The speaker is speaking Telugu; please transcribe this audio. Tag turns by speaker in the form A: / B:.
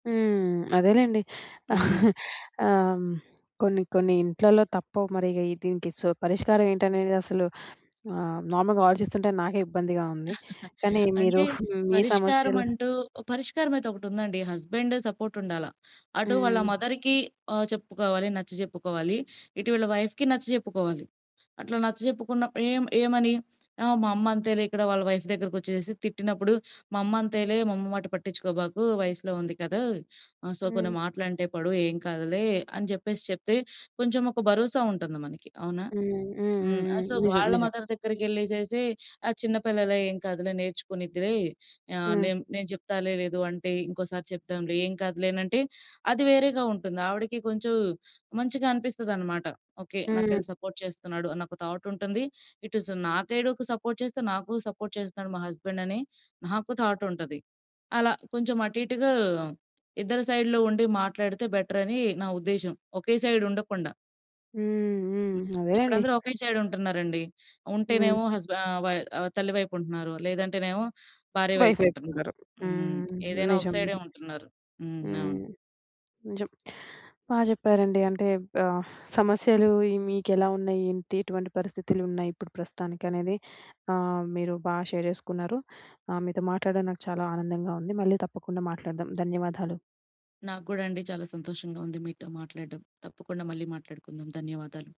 A: హ్మ్. అదేలేండి.
B: హ్మ్.
A: ఆ! హ్మ్. కొన్ని కొన్ని ఇంట్లల్లో తప్పవు మరీ ఇగ ఈ దీనికి సో, పరిష్కారం ఏంటనేది అసలు ఆహ్, నార్మల్‌గా ఆలోచిస్తుంటే, నాకే ఇబ్బందిగా ఉంది. కానీ మీరు
B: అంటే
A: మీ సమస్యలు
B: పరిష్కారమంటూ, పరిష్కారమయితే ఒకటుందండి. హస్బెండ్ సపోర్ట్ ఉండాల. అటు వాళ్ళ
A: హ్మ్.
B: మదర్‌కి ఆ! చెప్పుకోవాలి, నచ్చజెప్పుకోవాలి. ఇటు వీళ్ళ వైఫ్‌కి నచ్చజెప్పుకోవాలి. అట్లా నచ్చజెప్పుకున్నప్పుడు ఏం ఏమని ఆ! మా అమ్మ అంతేలే, ఇక్కడ వాళ్ళ వైఫ్ దగ్గరకొచ్చేసేసి తిట్టినప్పుడు, "మా అమ్మ అంతేలే మా అమ్మ మాట పట్టిచ్చుకోబాకు వయసులో ఉంది కదా! ఆ! సో,
A: హ్మ్.
B: కొన్ని మాటలంటే పడు ఏం కాదులే" అని జెప్పేసి చెప్తే, కొంచెం ఒక భరోసా ఉంటంది మనకి. అవునా?
A: హ్మ్. హ్మ్. హ్మ్.
B: హ్మ్. ఆ!
A: హ్మ్.
B: సో,
A: నిజం.
B: వాళ్ళ
A: నిజం.
B: మదర్ దగ్గరికెళ్ళేసేసి "ఆ! చిన్న పిల్లలే, ఏం కాదులే, నేర్చుకునిద్దిలే, ఆహ్,
A: హ్మ్.
B: నేను నేను జెప్తాలే. లేదు అంటే, ఇంకోసారి చెప్దాంలే. ఏం కాదులేనంటే," అది వేరేగా ఉంటుంది. ఆవిడకి కొంచెం మంచిగా అనిపిస్తనమాట. ఓకే.
A: హ్మ్.
B: నాకెళ్ళి సపోర్ట్ చేస్తున్నాడు అనొక థాట్ ఉంటుంది. ఇటుస్ నా సైడుకు సపోర్ట్ చేస్తూ నాకు సపోర్ట్ చేస్తున్నాడు మా హస్బెండని నాకు థాట్ ఉంటది. అలా కొంచెం అటు ఇటుగా ఇద్దరి సైడ్‌లో ఉండి, మాట్లాడితే బెటరని నా ఉద్దేశ్యం ఒకే సైడ్ ఉండకుండా.
A: హ్మ్. హ్మ్.
B: హ్మ్. ఇప్పుడు
A: అదేలేండి.
B: అందరూ ఒకే సైడ్ ఉంటన్నారండి.
A: హ్మ్.
B: ఉంటేనేమో హస్బె ఆహ్, వయ్ ఆహ్, తల్లి వైపు ఉంటున్నారు. లేదంటేనేమో భార్య వైపు
A: వైఫ్ వైపు
B: ఉంటున్నారు.
A: ఉండరు.
B: హ్మ్.
A: హ్మ్.
B: ఏదైనా ఒక
A: నిజం.
B: సైడే
A: నిజం.
B: ఉంటున్నారు. హ్మ్. అవును.
A: హ్మ్. నిజం. బా జెప్పారండి. అంటే ఆహ్, సమస్యలు ఇయి మీకు ఎలా ఉన్నయి? ఏంటి, ఎటువంటి పరిస్థితులున్నయి, ఇప్పుడు ప్రస్తుతానికనేది ఆహ్, మీరు బా షేర్ జేసుకున్నారు. ఆహ్, మీతో మాట్లాడ్డం నాకు చాలా ఆనందంగా ఉంది. మళ్ళీ తప్పకుండా మాట్లాడదాం. ధన్యవాదాలు.
B: నాకూ గూడా అండి. చాలా సంతోషంగా ఉంది మీతో మాట్లాడ్డం. తప్పకుండా మళ్లీ మాట్లాడుకుందాం. ధన్యవాదాలు.